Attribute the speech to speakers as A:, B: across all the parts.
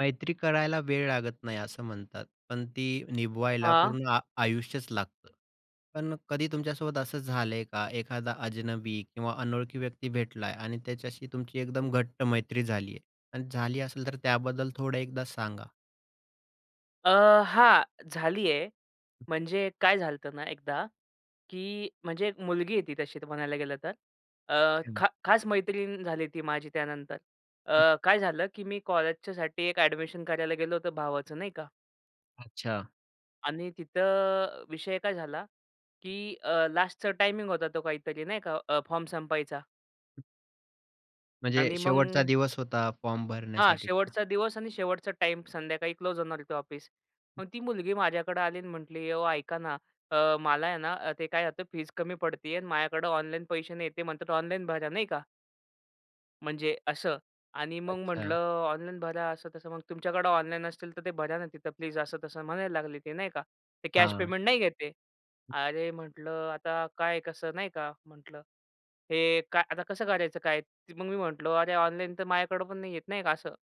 A: मैत्री करायला वेळ लागत नाही, असं म्हणतात, पण ती निभवायला
B: हां.
A: पूर्ण आ आयुष्यच लागतं. पण कधी तुमच्यासोबत असं झालंय का? एखादा अजनबी किंवा अनोळखी व्यक्ती भेटलाय आणि त्याच्याशी तुमची एकदम घट्ट मैत्री झाली आहे? आणि झाली असेल तर त्याबद्दल थोडं एकदा सांगा.
B: अ, हां झाली आहे. म्हणजे काय झालंत ना एकदा की म्हणजे एक मुलगी आहे ती तशी तर म्हणायला गेलं तर. अ,
A: अच्छा.
B: खा खास मैत्रीण झाली ती माझी त्यानंतर.
A: हं.
B: अ, काय झालं की मी कॉलेजच्यासाठी एक एडमिशन करायला गेलो होतो भावाचं, नाही का
A: अच्छा.
B: आणि तिथं अ, विषय काय झाला की अ, लास्टचा टायमिंग होता तो काहीतरी नाही का? अ, फॉर्म संपवायचा.
A: [unintelligible] म्हणजे
B: आणि
A: शेवटचा
B: मग
A: दिवस होता फॉर्म
B: हां
A: भरण्यासाठी का?
B: शेवटचा दिवस आणि शेवटचा टाईम संध्याकाळी क्लोज होणार होतं ऑफिस. मग ती मुलगी माझ्याकडं आली आणि म्हटली, ओ ऐका ना, अ, मला आहे ना ते काय आता फीज कमी पडतीये आणि माझ्याकडं ऑनलाईन पैसे नाहीयेत. ते म्हणतात ऑनलाईन भरा, नाही का म्हणजे असं. आणि मग म्हटलं
A: अच्छा.
B: ऑनलाईन भरा असं-तसं मग तुमच्याकडं ऑनलाईन असतील तर ते भरा ना तिथं प्लीज असं तसं म्हणायला लागले ते, नाही का. ते कॅश
A: हां.
B: पेमेंट नाही घेत आहे. अरे, म्हटलं आता काय कसं नाही का, म्हटलं हे काय आता कसं करायचं काय? ते मग मी म्हटलं अरे ऑनलाईन तर माझ्याकडं पण नाही आहेत नाही का असं.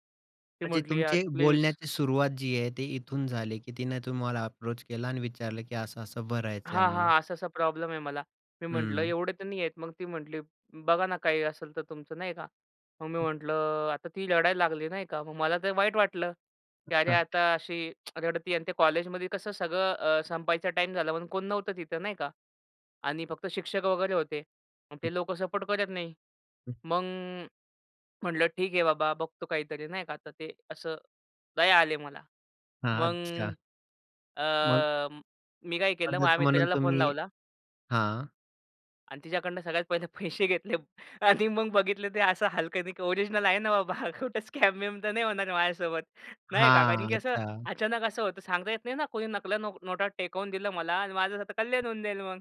B: ती
A: म्हणजे
B: म्हटली "यार
A: तुमची
B: प्लीज."
A: बोलण्याची सुरुवात जी आहे ती इथून झाली, की तिने तुम्हाला अप्रोच केला आणि विचारलं की असं-असं भरायचंय
B: हां,
A: म्हणून.
B: हां. असा-असा प्रॉब्लेम आहे मला. मी म्हटलं,
A: हं.
B: "एवढे तर नाही आहेत." मग ती म्हटली, "बघा ना काही असेल तर तुमचं, नाही का?" मग मी म्हटलं, अ, आता ती रडायला लागली, नाही का. मग मला तर वाईट वाटलं.
A: हं,
B: की अरे
A: हं.
B: आता अशी रडतीये आणि ते कॉलेजमध्ये कसं सगळं अ, संपायचा टाईम झाला म्हणून कोण नव्हतं तिथं, नाही का? आणि फक्त शिक्षक वगैरे होते. मग ते लोकं सपोर्ट करत नाही. मग म्हटलं ठीक आहे बाबा बघतो काहीतरी नाही का तर ते असं, दया आली मला.
A: हां.
B: मग
A: अच्छा. मग?
B: अ, मी काय केलं
A: मदत
B: माझ्या
A: म्हणून
B: मित्राला फोन
A: तुम्ही
B: लावला.
A: हां.
B: आणि तिच्याकडनं सगळ्यात पहिले पैसे घेतले आणि मग बघितलं ते असं हलक्यानी की ओरिजनल आहे ना बाबा हा कुठे स्कॅम-बिम तर नाही होणार माझ्यासोबत, नाही का. कारण
A: हां.
B: की असं
A: अच्छा.
B: अचानक असं होतं सांगता येत नाही ना कोणी नकला नो नोटा टेकवून दिलं मला आणि माझं आता कल्याण होऊन जाईल मग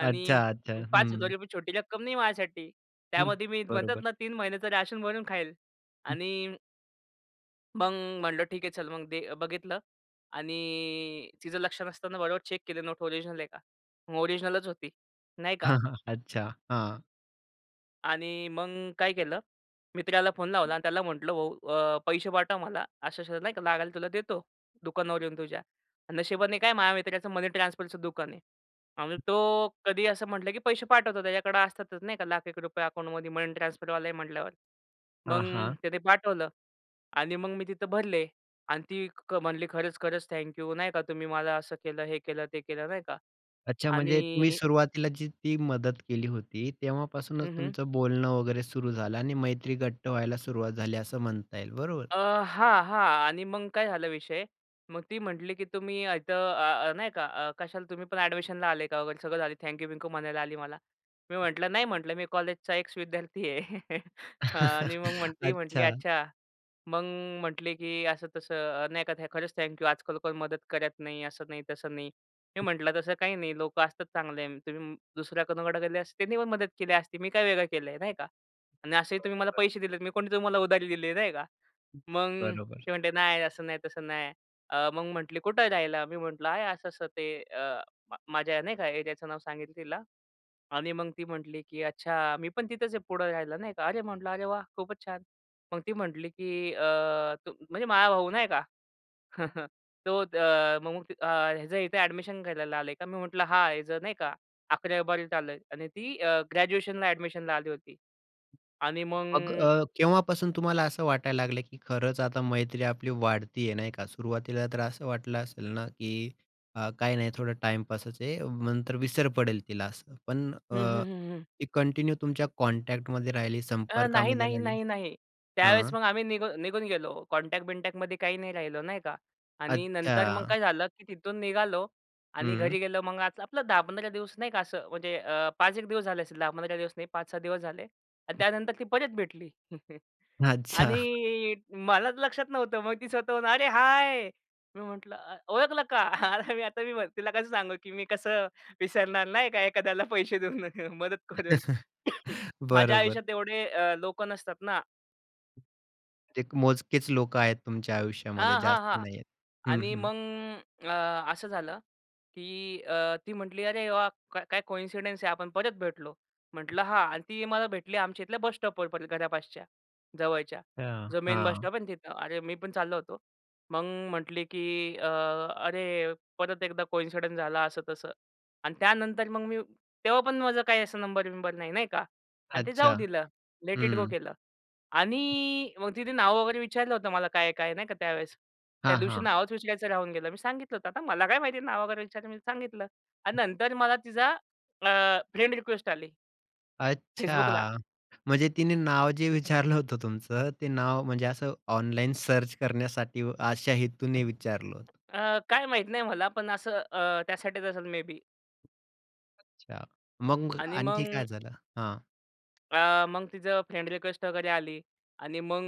B: आणि
A: अच्छा. अच्छा. हं.
B: 5 गरीबा छोटी रक्कम नाही माझ्यासाठी.
A: हम्म.
B: त्यामध्ये मी म्हणतात
A: बरोबर.
B: ना 3 महिन्याचं राशन भरून खाईल. आणि मग म्हटलं ठीक आहे चल मग ते बघितलं आणि तिचं लक्ष नसताना बरोबर चेक केले नोट ओरिजिनल आहे का? मग ओरिजिनलच होती. नाही का?
A: हां, हां. अच्छा. हां.
B: आणि मग काय केलं, मित्राला फोन लावला आणि त्याला म्हटलं, "भाऊ अ, पैसे पाठव मला अशा-अशा नाही का लागायला तुला देतो दुकानावर येऊन तुझ्या." नशिबाने काय माझ्या मित्राचं मनी ट्रान्सफरचं दुकान आहे आणि तो कधीही असं म्हटलं की पैसे पाठवतो त्याच्याकडं असतातच नाही का लाख एक रुपये अकाऊंटमध्ये मनी ट्रान्सफरवाला आहे म्हटल्यावर. मग
A: हां, हां.
B: त्याने पाठवलं आणि मग मी तिथं भरले आणि ती क म्हणली, "खरंच-खरंच थँक्यू नाही का तुम्ही मला असं केलं, हे केलं, ते केलं." नाही का?
A: अच्छा. म्हणजे तुम्ही
B: आणि
A: सुरुवातीला जी ती मदत केली होती तेव्हापासूनच
B: हं. हं.
A: तुमचं बोलणं वगैरे सुरू झालं आणि मैत्री घट्ट व्हायला सुरुवात झाली असं म्हणता येईल. बरोबर?
B: अ, हां, हां. आणि मग काय झालं विषय? मग ती म्हटली की तुम्ही अ, इथं अ, अ, नाही का अ, कशाला? तुम्ही पण ॲडमिशनला आले का? वगैरे सगळं झालं. थँक्यू-बिंकू म्हणायला आली मला. मी म्हटलं, "नाही," म्हटलं, "मी कॉलेजचा एक्स-विद्यार्थी आहे." अ, आणि मग म्हणती म्हटली,
A: अच्छा.
B: "अच्छा." मग म्हटले की असं-तसं, अ, नाही का, "थ खरंच थँक्यू. आज-काल कोण मदत करत नाही." असं नाही, तसं नाही. मी म्हटलं, "तसं काही नाही लोकं असतात चांगले. तुम्ही दुसऱ्या कुणाकडे गेले असते त्यांनी पण मदत केली असती. मी काय वेगळं केलं आहे, नाही का? आणि असेही तुम्ही मला
A: बरोबर.
B: पैसे दिलेत, मी कोणी तुम्हाला उधारी दिली आहे, नाही का." मग
A: बरोबर.
B: ती म्हणते, "नाही, असं नाही, तसं नाही." अ, मग म्हटली, "कुठं आहे राहायला?" मी म्हटलं, "आहे असं-असं ते" अ, म माझ्या, नाही का, एरियाचं नाव सांगितलं तिला आणि मग ती म्हटली की "अच्छा. मी पण तिथंच आहे पुढं राहायला." नाही का. "अरे," म्हटलं, "अरे, वाह! खूपच छान!" मग ती म्हटली की अ, "तू?" म्हणजे माझा भाऊ नाही का तो अ, "मग अ, ह्याचं इथे ॲडमिशन करायला आले का?" मी म्हटलं, "हां, याचं नाही का? 11वी, 12वीत आला आहे आणि ती अ, ग्रॅज्युएशनला ॲडमिशनला आली होती. आणि
A: मग
B: मग
A: अ, केव्हापासून तुम्हाला असं वाटायला लागलं की खरंच आता मैत्री आपली वाढती आहे, नाही का. सुरुवातीला तर असं वाटलं असेल ना की अ, काही नाही थोडं टाइमपासच आहे नंतर विसर पडेल तिला असं. पण
B: हं,
A: अ,
B: हं, हं, हं.
A: ती कंटिन्यू तुमच्या कॉन्टॅक्टमध्ये राहिली,
B: अ, नाही,
A: संपर्कामध्ये
B: नाही,
A: राहिली.
B: नाही, नाही. त्यावेळेस
A: हां.
B: मग आम्ही निघून निघून गेलो कॉन्टॅक्ट बिनटॅकमध्ये काही नाही राहिलं, नाही का. आणि नंतर मग
A: अच्छा.
B: काय झालं की तिथून निघालो आणि
A: हम्म.
B: घरी गेलो मग आज आपलं 10-15 दिवस नाही का असं म्हणजे अ, 5 एक दिवस झाले असेल. 10-15 दिवस नाही 5-6 दिवस झाले आणि त्यानंतर ती परत भेटली
A: अच्छा.
B: आणि मला तर लक्षात नव्हतं. मग ती स्वतःहून, "अरे हाय," मी म्हटलं, "अ, ओळखलं का?" आता मी आता मी मग तिला कसं सांगू की "मी कसं विसरणार नाही का एखाद्याला पैसे देऊन मदत करून. माझ्या
A: बरोबर.
B: आयुष्यात एवढे अ, लोकं नसतात ना.
A: ते मोजकेच लोकं आहेत तुमच्या आयुष्यामध्ये जास्त
B: आहाहा!
A: नाहीयेत. हं,
B: आणि
A: हं.
B: मग अ, असं झालं, की अ, ती म्हटली "अरे वा! का काय कॉइन्सिडन्स आहे, आपण परत भेटलो." म्हटलं "हां." आणि ती मला भेटली आमच्या इथल्या बस स्टॉपवर परत, घरापासच्या जवळच्या.
A: अच्छा.
B: जो मेन बस
A: हां.
B: स्टॉप आहे तिथं. अरे मी पण चाललो होतो. मग म्हटली की अ, "अरे! परत एकदा कॉइन्सिडन्स झाला." असं-तसं आणि त्यानंतर मग मी तेव्हा पण माझं काही असं नंबर-बिंबर नाही नाही का. आणि ते जाऊ
A: अच्छा.
B: दिलं, लेट इट गो
A: हं.
B: केलं. आणि मग तिने नाव वगैरे विचारलं होतं मला काय आहे, काय नाही? का त्यावेळेस. त्या
A: हां,
B: दिवशी
A: हां.
B: नावच विचारायचं राहून गेलं. मी सांगितलं होतं, आता मला काय माहिती आहे नाव वगैरे विचारलं, मी सांगितलं आणि नंतर मला तिचा अ, फ्रेंड रिक्वेस्ट आली. Facebookला.
A: अच्छा! म्हणजे तिने
B: आ
A: नाव जे विचारलं होतं तुमचं ते नाव म्हणजे असं ऑनलाईन सर्च करण्यासाठी व अशा हेतूने विचारलं होतं.
B: अ, काय माहीत नाही मला. पण असं अ, त्यासाठीच असेल मे बी.
A: अच्छा. मग
B: आणि
A: आणखी
B: मग
A: काय झालं? हां.
B: अ, मग तिचं फ्रेंड रिक्वेस्ट वगैरे आली. आणि मग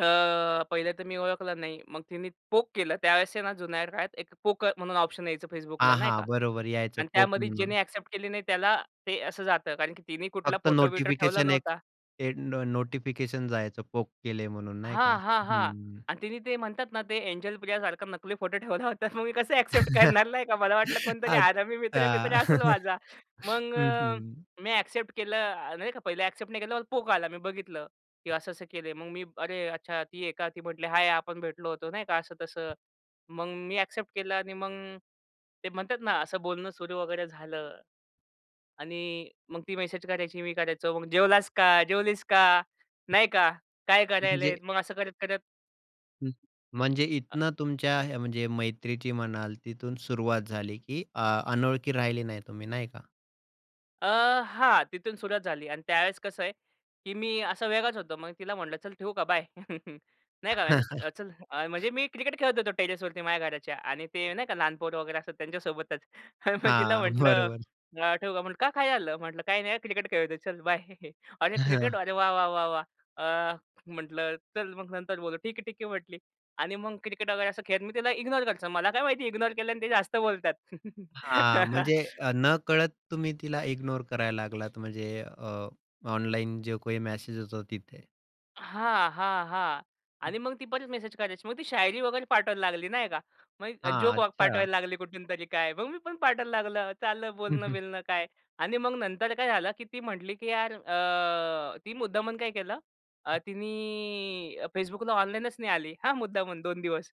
B: अ, पहिलं तर मी ओळखलं नाही. मग तिने पोक केलं. त्यावेळेस ना जुन्या काळात एक पोक म्हणून ऑप्शन यायचं
A: हा.
B: Facebookला नाही
A: हा.
B: का.
A: बरोबर यायचं
B: आणि
A: पोक
B: त्यामध्ये
A: म्हणून.
B: ज्यांनी एक्सेप्ट केली नाही त्याला ते असं जातं. कारण की तिने कुठला
A: फक्त
B: फोटो-बिटो ठेवला
A: नोटिफिकेशन, एक
B: नव्हता.
A: ते नो नोटिफिकेशन जायचं. पोक केले म्हणून नाही का.
B: हां, हां, हां.
A: हं.
B: आणि तिने ते म्हणतात ना ते एंजल प्रियासारखं नकली फोटो ठेवला होता. मग मी कसं एक्सेप्ट करणार? नाही का. मला वाटलं कोणतरी हरामी मित्र-बित्र
A: अच्छा!
B: असेल माझा. मग
A: हं,
B: अ,
A: हं.
B: मी एक्सेप्ट केलं अ, नाही का पहला एक्सेप्ट नाही केलं पोक आला. मी बघितलं, की असं-असं केले. मग मी "अरे! अच्छा ती आहे का?" ती म्हटली" हाय! आपण भेटलो होतो नाही का." असं-तसं. मग मी पोक केलं आणि मग ते म्हणतात ना असं बोलणं सुरू वगैरे झालं. आणि मग ती मेसेज करायची मी करायचो. मग जेवलास का? जेवलीस का? नाही का. काय
A: म्हणजे?
B: करत आहेत? मग असं करत-करत
A: हं. म्हणजे
B: हां.
A: इथनं तुमच्या ह्या म्हणजे मैत्रीची म्हणाल तिथून सुरुवात झाली की अ, अनोळखी राहिली नाही तुम्ही, नाही का?
B: अ, हां, तिथून सुरुवात झाली. आणि त्यावेळेस कसं आहे की मी असा वेगळाच होतो. मग तिला म्हटलं, "चल ठेवू का? बाय." नाही का, म्हण अ, चल, म्हणजे मी क्रिकेट खेळत होतो टेरेसवरती माझ्या घराच्या आणि ते नाही का लहान पोरं वगैरे असतात त्यांच्यासोबतच आणि मग तिला
A: हां,
B: म्हटलं,
A: बरोबर.
B: "अ, ठेवू का?" म्हटली, "का? काय झालं?" म्हटलं, "काही नाही. क्रिकेट खेळतोय. चल बाय." "अरे, क्रिकेट! अरे वा-वा! वा-वा!" अ, म्हटलं, "चल मग नंतर बोलू." "ठीक आहे ठीक आहे." म्हटली आणि मग क्रिकेट वगैरे असं खेळत मी तिला ignore करायचो. मला काय माहिती ignore केल्यानी ते जास्त बोलतात?
A: हां. म्हणजे अ, नकळत तुम्ही तिला इग्नोर करायला लागलात म्हणजे अ, ऑनलाईन जो काही मेसेज येतो तिथे.
B: हां, हां. हां. आणि
A: [unintelligible]
B: मग ती परतच मेसेज करायची. मग ती शायरी वगैरे पाठवायला लागली, नाही का, मग अ,
A: हां.
B: जोक
A: अच्छा.
B: पाठवायला लागली कुठून तरी काय, मग मी पण पाठवायला लागलो. चाललं बोलणं-बिलणं काय आणि मग नंतर काय झालं की ती म्हटली की यार अ, ती मुद्दामन काय केलं, अ, तिनी अ, फेसबुकला ऑनलाईनच नाही आली हा, मुद्दामन 2 दिवस.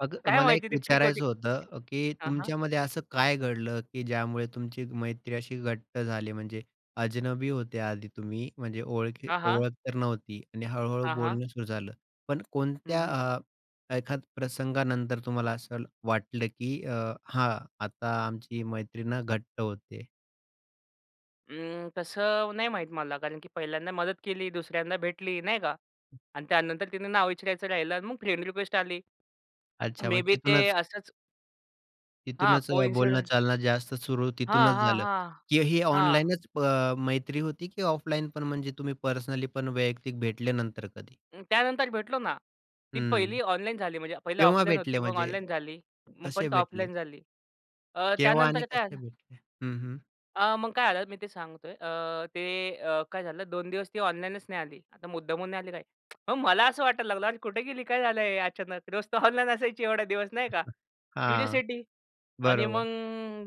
A: अग
B: काय
A: मला
B: माहिती
A: एक
B: ती ठीक होती
A: विचारायचं
B: का?
A: होतं. अ, की
B: हां, हां.
A: तुमच्यामध्ये असं काय घडलं की ज्यामुळे तुमची मैत्री अशी घट्ट झाली? म्हणजे अजनबी होत्या आधी तुम्ही, म्हणजे ओळखी
B: हां, हां.
A: ओळख तर नव्हती आणि हळू-हळू
B: हां, हां.
A: बोलणं सुरू झालं, पण
B: हं,
A: कोणत्या
B: हं.
A: अ, एखाद प्रसंगानंतर तुम्हाला असं ल वाटलं की अ, हां आता आमची मैत्री ना घट्ट होतेय?
B: अ, तसं नाही माहीत मला. कारण की 1हिल्यांदा मदत केली, 2सऱ्यांदा भेटली, नाही का आणि त्यानंतर तिने नाव विचारायचं राहिलं आणि मग फ्रेंड रिक्वेस्ट आली.
A: अच्छा!
B: मे
A: मग
B: बी ते
A: तिथूनच
B: असंच हां,
A: तिथूनच अ,
B: कोइनसिडेंट.
A: बोलणं-चालणं जास्त सुरू
B: हां,
A: तिथूनच
B: हां,
A: झालं
B: हां,
A: की ही
B: हां.
A: ऑनलाईनच प मैत्री होती? की ऑफलाईनपण म्हणजे तुम्ही पर्सनलीपण वैयक्तिक भेटले नंतर कधी?
B: त्यानंतर भेटलो ना. ती
A: हं,
B: 1हिली ऑनलाईन झाली म्हणजे 1हिले
A: केव्हा
B: ऑफलाईन
A: भेटले
B: होती मग
A: म्हणजे?
B: ऑनलाईन झाली, मग
A: कसे
B: परत
A: भेटले?
B: ऑफलाईन झाली अ,
A: केव्हा आणि
B: त्यानंतर काय
A: कसे
B: झालं.
A: भेटले? हं, हं.
B: अ, मग काय झालं मी ते सांगतोय अ, ते अ, काय झालं 2 दिवस ती ऑनलाईनच नाही आली. आता मुद्दामून नाही आली काय. मग मला असं वाटायला लागलं, "अरे कुठे गेली? काय झालं हे अचानक? रोज तर ऑनलाईन असायची एवढे दिवस?" नाही का.
A: हां,
B: क्युरिओसिटी आणि
A: बरोबर.
B: मग,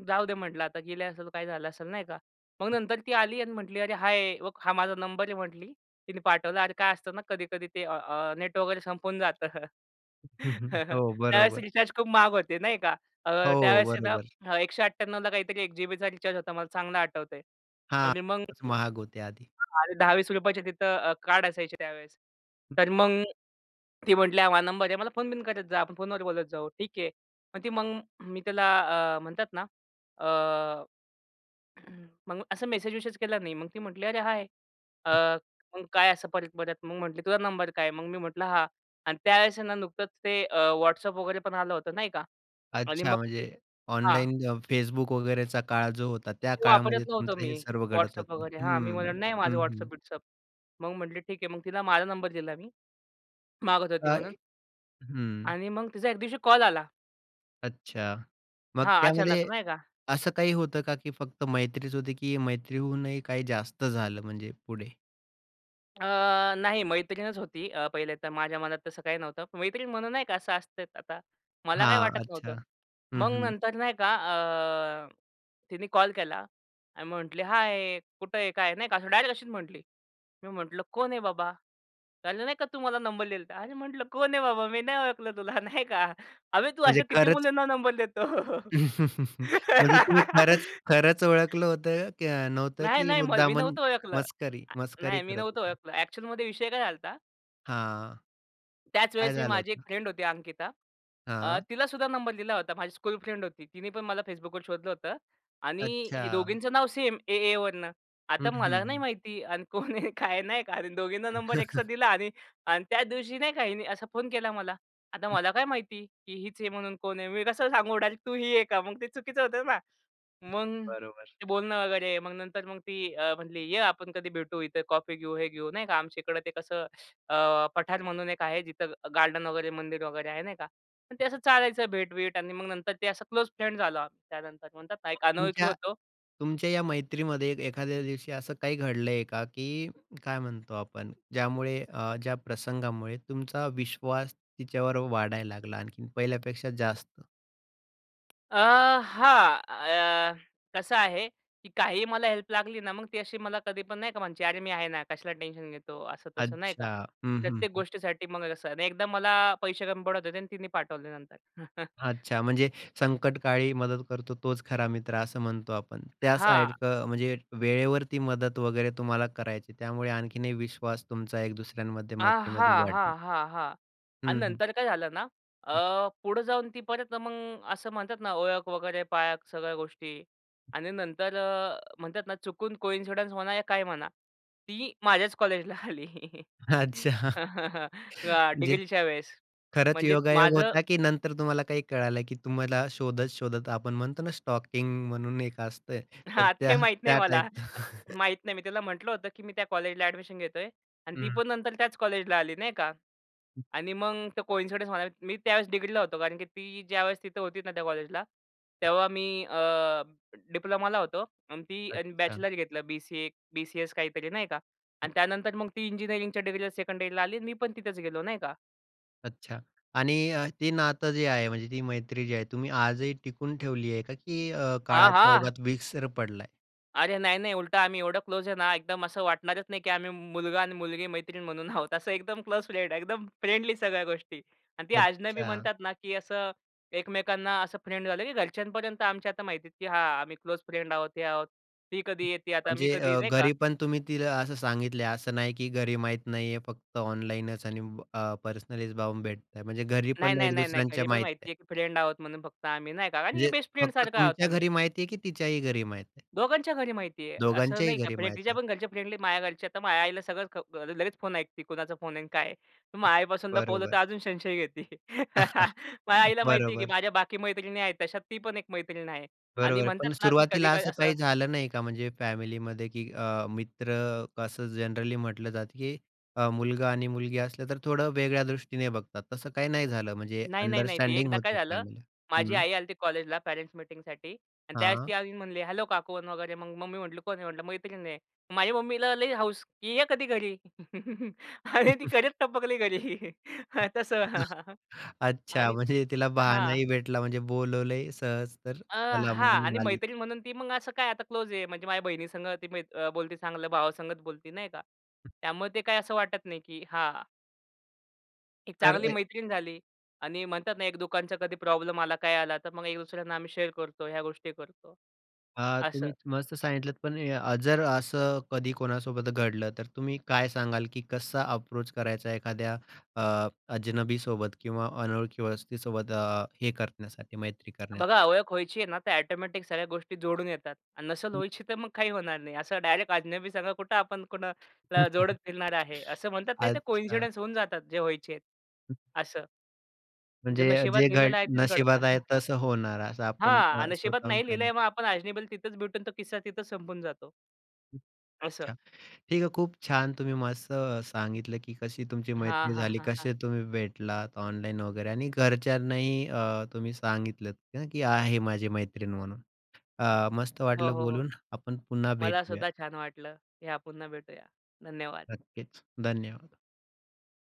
B: "जाऊ दे म्हटलं आता गेली असेल, तर काय झालं असेल." नाही का. मग नंतर ती आली आणि म्हटली, "अरे हाय! बघ हा माझा नंबर आहे." म्हटली, तिने पाठवला. अरे काय असतं ना, कधी-कधी ते अ अ नेट वगैरे संपून जातं.
A: हं, हं, हो,
B: त्यावेळेस
A: बरोबर.
B: रिचार्ज खूप महाग होते, नाही का. अ,
A: हो,
B: त्यावेळेस आहे
A: बरोबर.
B: ना, 198वला काहीतरी 1 जी-बीचा रिचार्ज होता, मला चांगलं आठवतयं
A: हां,
B: आणि मग
A: खूपच महाग होते आधी.
B: आणि ₹10-20चे तिथं अ, कार्ड असायचे त्यावेळेस. तर मग ती म्हटली हा माझा नंबर आहे. मला फोन-बिन करत जा, आपण फोनवर बोलत जाऊ, ठीक आहे. मग ती मग मी त्याला अ, म्हणतात ना अ, मग असं मेसेज-विसेज केला मी. मग ती म्हटली, "अरे हाय!" अ, मग काय असं परत-परत? मग म्हटली, "तुझा नंबर काय आहे?" मग मी म्हटलं "हा." आणि त्यावेळेस ना. नुकतंच ते अ, WhatsApp वगैरे पण आलं होतं नाही का. आणि
A: अच्छा
B: मग
A: म्हणजे
B: हां.
A: ऑनलाईन अ, Facebook वगेरेचा काळ जो होता, त्या
B: ते
A: काळामध्ये
B: वापरत नव्हतो
A: तुमचं
B: मी
A: हे सर्व घडत
B: WhatsApp
A: होतं.
B: वगैरे. हां, मी
A: हम्म,
B: म्हणलं, "नाही
A: हं,
B: माझा
A: हं.
B: WhatsApp-बिट्सअप." मग म्हटले, "ठीक आहे." मग तिला माझा नंबर दिला मी, मागत होती
A: काय?
B: म्हणून.
A: हं.
B: आणि मग तिचा 1 दिवशी कॉल आला.
A: अच्छा, मग
B: हां, अचानक
A: त्यामध्ये
B: नाही का?
A: असं काही होतं का, की फक्त मैत्रीच होती की मैत्रीहूनही काही जास्त झालं म्हणजे पुढे?
B: अ, नाही, मैत्रीणच होती. अ, पहिले तर माझ्या मनात तसं काही नव्हतं. मैत्रीण म्हणून नाही का असं असतं आता, मला काही
A: हां.
B: वाटत
A: अच्छा.
B: नव्हतं.
A: हं,
B: मग
A: हं.
B: नंतर नाही का, अ, तिने कॉल केला आणि म्हटली, “हाय, कुठं आहे? काय?" नाही का. असं डायरेक्ट अशीच म्हटली. मी म्हटलं, “कोण आहे, बाबा?” "काल नाही का, तू मला नंबर दिला होता.” "अरे," म्हटलं, “कोण आहे, बाबा? मी नाही ओळखलं तुला.” नाही का. “अबे, तू
A: म्हणजे
B: अशा किती
A: खरंच
B: मुलींना नंबर" "देतो?”
A: म्हणजे तुम्ही खरंच खरंच ओळखलं होतं का नव्हतं
B: नाही,
A: की
B: नाही. मग मी
A: मुद्दामन
B: नव्हतो ओळखलं.
A: मस्करी
B: अ,
A: मस्करी
B: नाही मी
A: करत
B: नव्हतो
A: होता?
B: ओळखलं. ॲक्चुअलमध्ये विषय काय झाला होता?
A: हां. काय
B: त्याचवेळेस, मी
A: झालं
B: माझी एक
A: होतं?
B: फ्रेंड होती, अंकिता. अ,
A: हां.
B: तिलासुद्धा नंबर दिला होता. माझी स्कूल फ्रेंड होती, तिने पण मला Facebookवर शोधलं होतं. आणि हे
A: अच्छा.
B: दोघींचं नाव सेम, ए एवरनं.
A: हं,
B: आता मला नाही
A: हं.
B: माहिती अन् कोण आहे? काय आहे? नाही का. आणि दोघींना नंबर एकसाथ दिला आणि अन् त्याच दिवशी नाही का हिनी असा फोन केला मला. आता
A: हं.
B: मला काय माहिती की हीच आहे म्हणून? कोण आहे? मी कसं सांगू डायरेक्ट? “तू ही आहे का?” मग ते चुकीचं होतं ना. मग
A: बरोबर.
B: ते बोलणं वगैरे. मग नंतर मग ती अ, म्हणली, “ये, आपण कधी भेटू, इथं कॉफी घेऊ, हे घेऊ.” नाही का, आमच्या इकडे ते कसं, अ, पठार म्हणून एक आहे, जिथं गार्डन वगैरे, मंदिर वगैरे आहे, नाही का. मग ते असं चालायचं भेट-बीट. आणि मग नंतर ते असं क्लोज फ्रेंड झालो आम्ही त्यानंतर म्हणतात ना,
A: मग
B: एक अनोळखी
A: तुमच्या
B: होतो.
A: तुमच्या या मैत्रीमध्ये एखाद्या दिवशी असं काही घडलंय का, की काय म्हणतो आपण ज्यामुळे अ, ज्या प्रसंगामुळे तुमचा विश्वास तिच्यावर वाढायला लागला, आणखीन पहिल्यापेक्षा जास्त?
B: अ, हां अ, कसं आहे की काहीही मला हेल्प लागली ना, मग ती अशी मला कधीपण नाही का म्हणते, "अरे मी आहे ना! कशाला टेन्शन घेतो?" असं-तसं नाही का.
A: अच्छा, हं, हं,
B: प्रत्येक
A: हं.
B: गोष्टीसाठी मग कसं, 1दा मला पैसे कमी पडत होते आणि तिने पाठवले नंतर.
A: अच्छा म्हणजे, संकटकाळी मदत करतो तोच खरा मित्रं असं म्हणतो आपण. त्या
B: हां.
A: सारखं म्हणजे वेळेवरती मदत वगैरे तुम्हाला करायची आहे. त्यामुळे आणखीन एक विश्वास तुमचा एक दुसऱ्यांमध्ये
B: अ,
A: मैत्रीमध्ये
B: हां,
A: वाढला.
B: हां, हां, हां आणि
A: हं, हं.
B: नंतर काय झालं ना, अ, पुढं जाऊन ती परत मग असं म्हणतात ना, ओळख वगैरे पाळख सगळ्या गोष्टी आणि नंतर अ, म्हणतात ना, चुकून कोइन्सिडन्स म्हणा, या काय म्हणा, ती माझ्याच कॉलेजला आली.
A: अच्छा.
B: अ,
A: जे
B: डिग्रीच्या वेळेस
A: खरंच
B: म्हणजे
A: योगायोग
B: माझं
A: होता, की नंतर तुम्हाला काही कळालं की तुम्हाला शोधत-शोधत, आपण म्हणतो ना, स्टॉकींग म्हणून एक असतं. तर
B: हां,
A: त्या
B: ते माहीत नाही
A: त्या
B: मला.
A: टाइप.
B: माहीत नाही. मी तिला म्हटलं होतं की मी त्या कॉलेजला एडमिशन घेतोय आणि ती
A: हं.
B: पण नंतर त्याच कॉलेजला आली नाही का आणि मग तो कोइन्सिडन्स म्हणा, मी त्यावेळेस डिग्रीला होतो. कारण की ती ज्यावेळेस तिथं होती ना त्या कॉलेजला, तेव्हा मी अ, डिप्लोमाला होतो आणि ती आणि
A: अच्छा.
B: बॅचलर घेतलं बी-सी-ए, बी-सी-एस काहीतरी नाही का? आणि त्यानंतर मग ती इंजिनिअरिंगच्या डिग्रीला 2कंड इयरला आली, मी पण तिथेच गेलो नाही का.
A: अच्छा, आणि अ, ते नातं जे आहे, म्हणजे ती मैत्री जी आहे, तुम्ही आजही टिकून ठेवली आहे का? की अ,
B: हां,
A: काळाच्या
B: हां.
A: ओघात विसर पडलाय?
B: अरे नाही, नाही, उलटं आम्ही एवढं क्लोज आहे ना, एकदम असं वाटणारच नाही की आम्ही मुलगा आणि मुलगी मैत्रीण म्हणून आहोत, असं एकदम क्लोज फ्रेंड आहे. एकदम फ्रेंडली सगळ्या गोष्टी आणि ती अजनबी
A: अच्छा.
B: म्हणतात ना, की असं एकमेकांना असं फ्रेंड झालं की घरच्यांपर्यंत आमच्या आता माहिती आहे की हा, आम्ही क्लोज फ्रेंड आहोत, हे आहोत. ती कधी येते, आता मी
A: म्हणजे
B: कधी
A: अ,
B: नाही का?
A: घरी, पण तुम्ही तिला असं सांगितलंय, असं नाही की घरी माहीत नाहीये फक्त ऑनलाइनच आणि अ, पर्सनलीच जाऊन भेटतं म्हणजे घरी,
B: नाही,
A: पण
B: नाही,
A: एक
B: नाही, नाही.
A: दुसऱ्यांच्या
B: घरी पण
A: माहित
B: माहिती
A: आहे.
B: आहे की फ्रेंड आहोत म्हणून फक्त आम्ही नाही का, कारण
A: म्हणजे
B: बेस्ट फ्रेंड
A: फक्त
B: सारखं आहोत
A: तुमच्या
B: आम्ही.
A: घरी माहिती आहे की तिच्याही घरी माहिती आहे?
B: दोघांच्या घरी माहिती आहे. असं
A: दोघांच्याही
B: नाही का,
A: घरी
B: म्हणजे
A: माहीत आहे.
B: तिच्यापण घरचे फ्रेंडली माझ्या घरचे, तर माझ्या आईला सगळं अ, लगेच फोन ऐकते कोणाचा फोन आहे आणि काय आहे? मग आईपासून लपवलं, तर
A: बरोबर.
B: अजून संशय घेते. माझ्या आईला माहिती आहे की
A: बरोबर.
B: माझ्या बाकी मैत्रिणी आहेत, तशात ती पण एक मैत्रीण आहे. आणि
A: बरोबर,
B: म्हणतात
A: पण
B: ना, की
A: सुरुवातीला
B: कधी-कधी
A: असं
B: असं
A: काही झालं नाही का, म्हणजे फॅमिलीमध्ये की अ, मित्र कसं जनरली म्हटलं जातं की अ, मुलगा आणि मुलगी असलं तर थोडं वेगळ्या दृष्टीने बघतात, तसं काही नाही झालं म्हणजे
B: नाही, नाही, नाही. ती
A: अंडरस्टँडिंग
B: एकदा काय
A: होते
B: झालं,
A: फॅमिलीत.
B: माझी
A: हं.
B: आई आली होती कॉलेजला पॅरेन्ट्स मीटिंगसाठी आणि त्यावेळेस ती
A: हां.
B: येऊन म्हणली, हॅलो काकू अन् वगैरे मग, मग मम्मी म्हणली कोण आहे? म्हटलं मैत्रीण आहे. माझ्या मम्मीला लई हौस की ये कधी घरी. आणि ती खरंच टपकली घरी. तस आणि
A: अच्छा, म्हणजे तिला
B: हां.
A: बहाणाही भेटला, म्हणजे बोलवलंय सहज तर
B: अ,
A: चला मग
B: हां, आणि
A: म्हणाली.
B: मैत्रीण म्हणून ती मग असं काय आता क्लोज आहे, म्हणजे माझ्या बहिणीसंग, ती म्हणजे अ, बोलती, ती चांगलं भावासंगच बोलते नाही का त्यामुळे ते काय असं वाटत नाही की हा एक
A: तर
B: चांगली
A: ए
B: मैत्रीण झाली आणि म्हणतात ना, एक दुकानचा कधी प्रॉब्लेम आला, काय आला. तर मग एक दुसऱ्यांना आम्ही शेअर करतो, ह्या गोष्टी करतो.
A: हा,
B: असं.
A: तुम्ही मस्त सांगितलंत, पण अ, जर असं कधी कोणासोबत घडलं, तर तुम्ही काय सांगाल? की कसा अप्रोच करायचा एखाद्या अ, अजनबी सोबत किंवा अनोळखी वस्तीसोबत अ, हे करण्यासाठी, मैत्री करण्यासाठी?
B: बघा, ओळख व्हायची आहे ना, तर ऑटोमॅटिक सगळ्या गोष्टी जोडून येतात आणि नसेल व्हायची, तर मग काही होणार नाही. असं डायरेक्ट अजनबी संग कुठं आपण कुणा ला जोडत फिरणार आहे, असं म्हणतात नाही, तर
A: अच्छा.
B: कोइन्सिडन्स होऊन जातात जे व्हायचेत, असं. जे
A: म्हणजे अ,
B: नशिबात
A: जे घड
B: लिहिलेलं आहे तेच घडतं.
A: नशिबात आहे तसं होणार, असं आपण अ,
B: हां, नशिबात
A: स्वतःहून
B: नाही
A: काही
B: लिहिलंय मग आपण अजनबीला तिथेच भेटून तो किस्सा तिथे संपून जातो. असं.
A: अच्छा. ठीक आहे, खूप छान तुम्ही मस्त अ, सांगितलं की कशी तुमची
B: हां,
A: मैत्री
B: हां,
A: झाली?
B: हां, हां.
A: कसे तुम्ही भेटलात ऑनलाइन वगैरे? आणि घरच्यांनाही अ, तुम्ही सांगितलंत ना की आहे माझी मैत्रीण म्हणून. अ, मस्त
B: हो,
A: वाटलं
B: हो, हो.
A: बोलून, आपण पुन्हा
B: मला
A: भेटूया.
B: सुद्धा छान वाटलं. या, पुन्हा भेटूया. धन्यवाद!
A: नक्कीच, धन्यवाद!